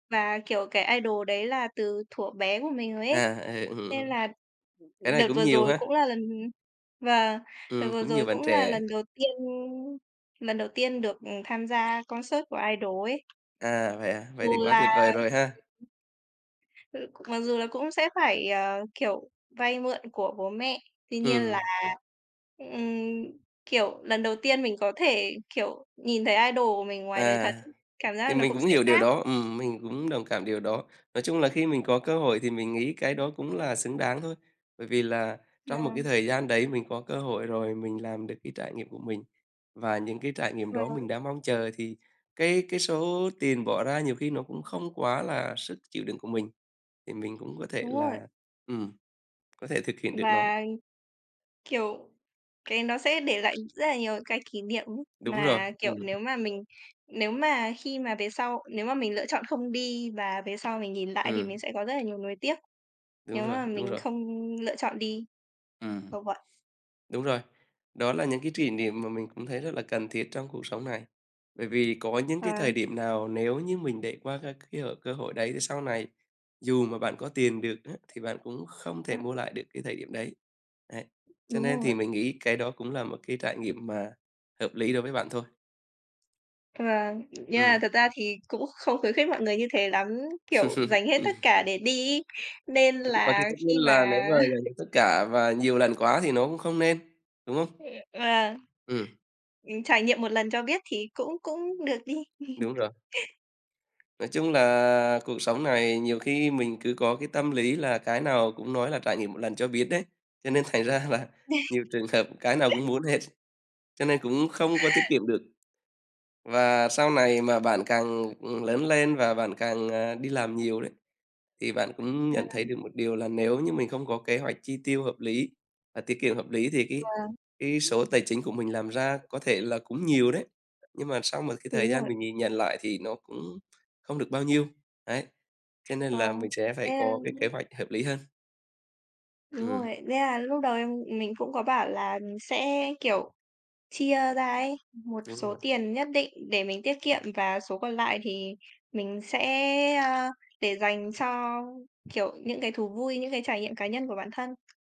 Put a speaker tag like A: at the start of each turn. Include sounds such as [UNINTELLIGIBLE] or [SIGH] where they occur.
A: Và kiểu cái idol đấy là từ thuở bé của mình rồi ấy,
B: À, ừ,
A: nên
B: ừm.
A: là
B: Cái này
A: đợt
B: cũng
A: vừa
B: nhiều
A: rồi
B: ha.
A: cũng là lần và đợt
B: Ừm,
A: vừa
B: cũng nhiều
A: rồi
B: bạn
A: cũng là
B: trẻ.
A: lần đầu tiên lần đầu tiên được, ừm, tham gia concert của idol ấy.
B: À, vậy à? Vậy
A: Dù
B: thì quá
A: là
B: tuyệt vời rồi ha.
A: [UNINTELLIGIBLE] Ư, mặc dù là cũng sẽ phải, ờ, kiểu, vay mượn của bố mẹ. Tuy nhiên là,
B: Ừm.
A: ừm, kiểu, lần đầu tiên mình có thể, kiểu, nhìn thấy idol của mình ngoài đời thật
B: À.
A: ấy, cảm
B: Thì
A: giác nó
B: mình
A: cũng
B: cũng
A: sẽ
B: hiểu điều
A: khác.
B: đó, ừm, mình cũng đồng cảm điều đó. Nói chung là khi mình có cơ hội thì mình nghĩ cái đó cũng là xứng đáng thôi, bởi vì là trong một cái
A: Ừm.
B: thời gian đấy mình có cơ hội rồi mình làm được cái trải nghiệm của mình và những cái trải nghiệm
A: Và
B: đó mình đã mong chờ, thì cái cái số tiền bỏ ra nhiều khi nó cũng không quá là sức chịu đựng của mình, thì mình cũng có thể
A: Đúng rồi.
B: là, ừm, có thể thực hiện được nó.
A: Và, kiểu, cái nó sẽ để lại rất là nhiều cái kỷ niệm [UNINTELLIGIBLE]
B: Đúng rồi,
A: mà, kiểu,
B: ừm.
A: nếu mà mình nếu mà khi mà về sau nếu mà mình lựa chọn không đi và về sau mình nhìn lại thì mình
B: Ừm.
A: sẽ có rất là nhiều nuối tiếc
B: Đúng
A: nếu
B: rồi,
A: mà
B: đúng
A: mình
B: rồi.
A: không lựa chọn đi.
B: Ừm.
A: Kiểu vậy.
B: Đúng rồi, đó là những cái kỷ niệm mà mình cũng thấy rất là cần thiết trong cuộc sống này. Bởi vì có những
A: Ờ.
B: cái thời điểm nào nếu như mình để qua các cái hội cơ hội đấy thì sau này dù mà bạn có tiền được á thì bạn cũng không thể
A: Ừm.
B: mua lại được cái thời điểm đấy. Ấy, cho
A: Đúng
B: nên thì
A: rồi.
B: mình nghĩ cái đó cũng là một cái trải nghiệm mà hợp lý đối với bạn thôi.
A: Vâng, nhưng
B: Ừm.
A: mà thật ra thì cũng không khuyến khích mọi người như thế lắm, kiểu dành
B: [LAUGHS]
A: hết tất cả để đi ấy. Nên
B: Đúng, và cái
A: là
B: tất nhiên
A: khi
B: là nếu
A: mà
B: mà [UNINTELLIGIBLE] tất cả và nhiều lần quá thì nó cũng không nên, đúng không?
A: Vâng,
B: Ừm.
A: ừm, trải nghiệm một lần cho biết thì cũng cũng được đi.
B: Đúng
A: [CHUCKLES]
B: rồi. Nói chung là cuộc sống này nhiều khi mình cứ có cái tâm lý là cái nào cũng nói là trải nghiệm một lần cho biết đấy, cho nên thành ra là nhiều
A: [CHUCKLES]
B: trường hợp cái nào cũng muốn hết, cho nên cũng không có tiết kiệm được. Và sau này mà bạn càng, ừm, lớn lên và bạn càng, ờ, đi làm nhiều đấy, thì bạn cũng nhận thấy
A: Ừm.
B: được một điều là nếu như mình không có kế hoạch chi tiêu hợp lý và tiết kiệm hợp lý thì cái
A: Vâng.
B: cái số tài chính của mình làm ra có thể là cũng nhiều đấy, nhưng mà sau một cái thời
A: Đúng
B: gian
A: rồi.
B: mình nhìn nhận lại thì nó cũng không được bao nhiêu. Đấy, cho nên là
A: Vâng.
B: mình sẽ phải
A: Thế,
B: có cái kế
A: a
B: hoạch hợp lý hơn.
A: Đúng
B: Ừm.
A: rồi. Thế là lúc đầu em mình cũng có bảo là, ừm, sẽ, kiểu, chia ra ấy, một
B: Đúng
A: số
B: rồi.
A: tiền nhất định để mình tiết kiệm
B: [UNINTELLIGIBLE]
A: và số còn lại thì mình sẽ, ơ, để dành cho, kiểu, những cái thú vui, những cái trải nghiệm cá nhân của bản thân.